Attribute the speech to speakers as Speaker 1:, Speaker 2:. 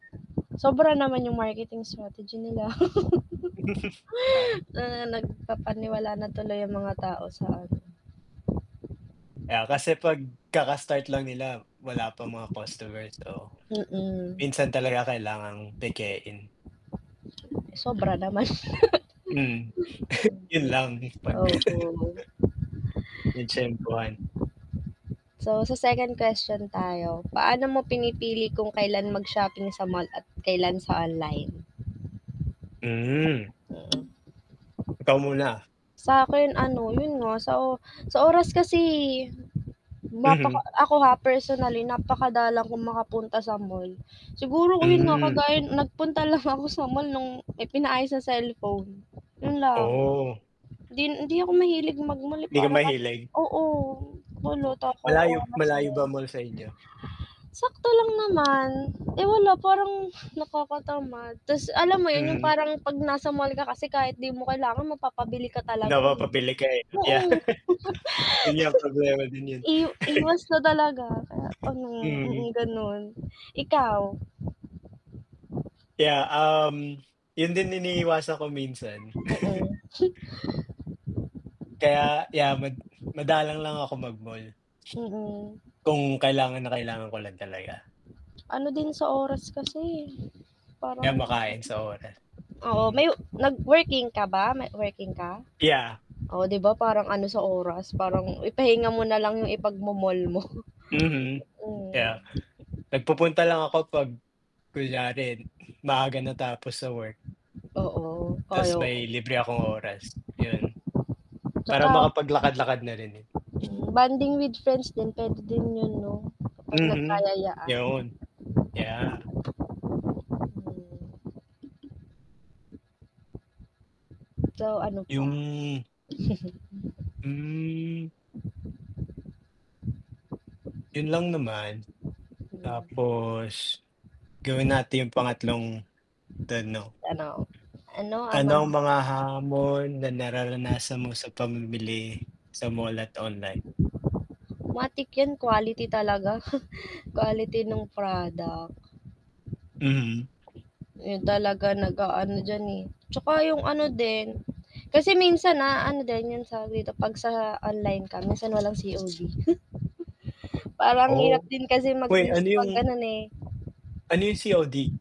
Speaker 1: Sobra naman yung marketing strategy nila.
Speaker 2: Ah.
Speaker 1: Na na nagpapaniwala na tuloy yung mga tao sa ano.
Speaker 2: Ah,
Speaker 1: At
Speaker 2: kasi 'pag kaka-start lang nila wala pa mga customer, so
Speaker 1: Mm.
Speaker 2: minsan talaga kailangang pekein.
Speaker 1: Sobra naman.
Speaker 2: Hmm, yun
Speaker 1: Mhm.
Speaker 2: lang pag.
Speaker 1: Oo
Speaker 2: Natyempuhan.
Speaker 1: So sa second question tayo, paano mo pinipili kung kailan mag-shopping sa mall at kailan sa online?
Speaker 2: Mhm.
Speaker 1: Mm.
Speaker 2: Ikaw muna.
Speaker 1: Sa akin ano, yun nga sa o sa oras kasi mapaka
Speaker 2: Mhm.
Speaker 1: ako ha personally napakadalang kong makapunta sa mall. Siguro yun nga
Speaker 2: Hmm.
Speaker 1: kagaya nagpunta lang ako sa mall nung pinaayos ng cellphone, yun lang.
Speaker 2: Oh.
Speaker 1: Hindi hindi ako mahilig mag-mall
Speaker 2: 'Di ka
Speaker 1: para kasing
Speaker 2: mahilig?
Speaker 1: oo [unintelligible] wala
Speaker 2: Oh
Speaker 1: ako
Speaker 2: malayo
Speaker 1: oras
Speaker 2: malayo
Speaker 1: din.
Speaker 2: ba mall sa inyo?
Speaker 1: Sakto lang naman, eh, wala parang nakakatamad, tas alam mo yun yung
Speaker 2: Mhm.
Speaker 1: parang 'pag nasa mall ka kasi kahit 'di mo kailangan mapapabili ka talaga eh 'no.
Speaker 2: Napapabili ka eh 'no. Yan,
Speaker 1: Oo.
Speaker 2: yun nga problema din yun.
Speaker 1: I iwas talaga kaya ano,
Speaker 2: Mhm.
Speaker 1: mm, ganun. Ikaw?
Speaker 2: Yeah, um, yun din iniiwasan ko minsan.
Speaker 1: Mm
Speaker 2: Kaya yeah mad madalang lang ako mag-mall.
Speaker 1: Mm.
Speaker 2: Kung kailangan na kailangan ko lang talaga.
Speaker 1: Ano din sa oras kasi
Speaker 2: Kaya
Speaker 1: parang ano yun.
Speaker 2: makain sa oras,
Speaker 1: Oo, may
Speaker 2: Mhm.
Speaker 1: nag-working ka ba? May working ka?
Speaker 2: Yeah.
Speaker 1: Oh 'di ba parang ano sa oras, parang ipahinga mo nalang yung ipagmo-mall mo.
Speaker 2: Mhm. Yeah.
Speaker 1: Mhm.
Speaker 2: Nagpupunta lang ako 'pag kunyare maaga natapos sa work.
Speaker 1: Oo. Ay
Speaker 2: Tas may
Speaker 1: oo.
Speaker 2: libre akong oras, yun. Para
Speaker 1: Tsaka
Speaker 2: makapaglakad-lakad na rin eh.
Speaker 1: mm, bonding with friends din, pwede din yun 'no. Kapag
Speaker 2: Mhm,
Speaker 1: nagkayayaan.
Speaker 2: yun. Yeah
Speaker 1: Hmm. Ikaw, ano pa?
Speaker 2: Yung Hmm. Yun lang naman.
Speaker 1: Hmm.
Speaker 2: Tapos, gawin natin yung pangatlong tanong.
Speaker 1: Ano, ano ang
Speaker 2: Ano
Speaker 1: mga
Speaker 2: ang mga hamon na nararanasan mo sa pamimili sa mall at online?
Speaker 1: Matik yan quality talaga. Quality nung product.
Speaker 2: Mhm.
Speaker 1: Yun talaga nag-aano diyan eh, tsaka yung ano din. Kasi minsan ano din yun, tawag dito, pag sa dito 'pag sa online ka minsan walang COD. Parang ang hirap
Speaker 2: Oh.
Speaker 1: din kasi
Speaker 2: Wait, ano
Speaker 1: mag-risk
Speaker 2: yung
Speaker 1: 'pag ganun eh.
Speaker 2: ano yung COD?